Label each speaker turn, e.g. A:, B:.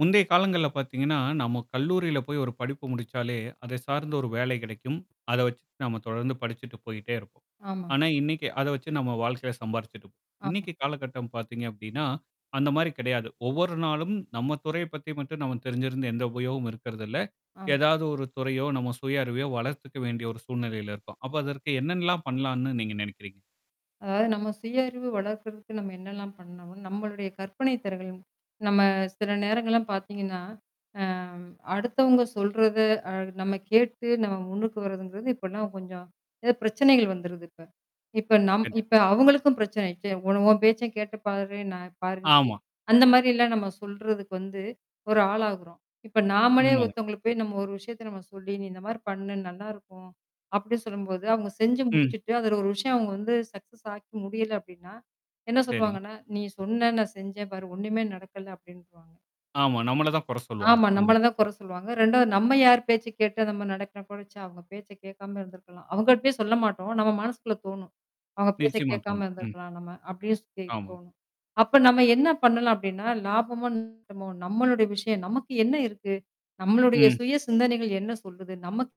A: முந்தைய காலங்கள்ல பார்த்தீங்கன்னா நம்ம கல்லூரியில போய் ஒரு படிப்பு முடிச்சாலே, அதை சார்ந்த ஒரு வேலை கிடைக்கும். அதை வச்சுட்டு நம்ம தொடர்ந்து படிச்சிட்டு போயிட்டே இருப்போம்.
B: ஆமாங்
A: ஆனா, இன்னைக்கு அதை வச்சு நம்ம வாழ்க்கையில சம்பாறிச்சுடு
B: ஆ,
A: இன்னைக்கு காலகட்டம் பார்த்தீங்க அப்படின்னா, அந்த மாரி கிடையாது. ஒவ்வொரு நாளும் நம்ம துறைய பத்தி மட்டும் நம தெரிஞ்சிருந்த எந்த உபயோகமும் இருக்கிறதில்ல.
B: ஆம்.
A: ஏதாவது ஒரு துறையோ நம்ம சுய அறிவையோ வளர்த்துக்க வேண்டிய ஒரு சூழ்நிலையில இருக்கோம். அப்போ அதற்கு என்னன்னலாம் பண்ணலாம்ன்னு நீங்க நினைக்கிறீங்க?
B: அதாவது, நம்ம சுய அறிவு வளர்க்கிறதுக்கு நம்ம என்னலாம் பண்ணோம், நம்மளுடைய கற்பனை திறன்கள் நம்ம சில நேரங்கள்லாம் பார்த்தீங்கன்னா, அ அடுத்தவங்க சொல்றத அ நம்ம கேட்டு நம்ம முன்னுக்கு வரதுங்கிறது இப்போலாம் கொஞ்சம் ஏதோ பிரச்சனைகள் வந்துருது இப்ப. இப்ப நம்
A: கண்டி
B: இப்ப அவங்களுக்கும் பிரச்சனை ஆச்சே. "உன உன் பேச்சை கேட்டு பாரு, நான் பாரு இப்டி"
A: ஆமா.
B: அந்த மாதிரிலாம் நம்ம சொல்றதுக்கு வந்து ஒரு ஆளாகுறோம். இப்போ நாமளே
A: உண்மைதான்.
B: ஒருத்தவங்களுக்கு போய் நம்ம ஒரு விஷயத்தை நம்ம சொல்லி, "நீ இந்த மாதிரி பண்ணு நல்லாயிருக்கும்" அப்படின்னு சொல்லும்போது அவங்க செஞ்சு
A: ம்.
B: முடிச்சுட்டு, அதில ஒரு விஷயம் அவங்க வந்து சக்சஸ் ஆக்கி முடியலை அப்படின்னா என்ன
A: சரி.
B: சொல்லுவாங்கன்னா, "நீ சொன்ன நான் செஞ்சேன் பார் ஒண்ணுமே நடக்கல" அப்படின்றுவாங்க.
A: ஆமா. நம்மளதான் குறை சொல்லுவாங்க,
B: ஆமா.
A: அங்க.
B: நம்மள தான் குறை சொல்லுவாங்க. 2வது நம்ம யார் பேச்சை கேட்டு நம்ம நடக்கிற கூட, ச்சே! அவங்க பேச்சை கேட்காம இருந்திருக்கலாம் அவங்க கிட்டயும் சொல்ல மாட்டோம் நம்ம மனசுக்குள்ளே தோணும். அவங்க பேச்சை
A: நிச்சயமா,
B: கேட்காம
A: தோனும். ம்.
B: இருந்திருக்கலாம் நம்ம அப்டியே சொல்லி
A: ஆமாங்
B: தோணும். அப்போ நம்ம என்ன பண்ணலாம் அப்படின்னா லாபமும் [unintelligible] நம்மளுடைய விஷயம் நமக்கு என்ன இருக்கு? நம்மளுடைய
A: ம்.
B: சுய சிந்தனைகள் என்ன சொல்லுது நமக்